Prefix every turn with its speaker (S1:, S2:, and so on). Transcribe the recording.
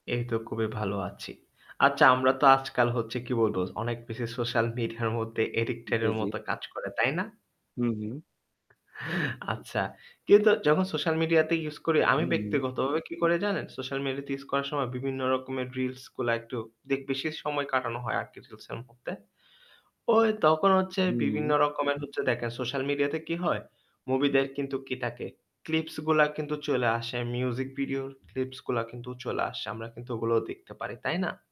S1: এই তো খুবই ভালো আছি। আচ্ছা আমরা তো আজকাল হচ্ছে কি বলবো অনেক বেশি সোশ্যাল মিডিয়ার মধ্যে অ্যাডিক্টেড
S2: জ্বী,
S1: এর
S2: জ্বী।
S1: মত কাজ করে তাই না?
S2: হু, হু।
S1: আচ্ছা। কিন্তু যখন সোশ্যাল মিডিয়াতে ইউস করি আমি
S2: হু, হু।
S1: ব্যক্তিগতভাবে কি করে জানেন? সোশ্যাল মিডিয়াতে ইউস করার সময় বিভিন্ন রকমের রিলস গুলা একটু দেক বিশেষ সময় কাটানো হয় আরকি রিলসের মধ্যে। ওই তখন হচ্ছে
S2: হুম।
S1: বিভিন্ন রকমের হচ্ছে দেখেন সোশ্যাল মিডিয়াতে কি হয় মুভিদের কিন্তু কি থাকে? ক্লিপস গুলা কিন্তু চইলা আসে। মিউজিক ভিডিও ক্লিপস গুলা কিন্তু চলে আসে। আমরা কিন্তু ওগুলোও দেখতে পারি। তাই না?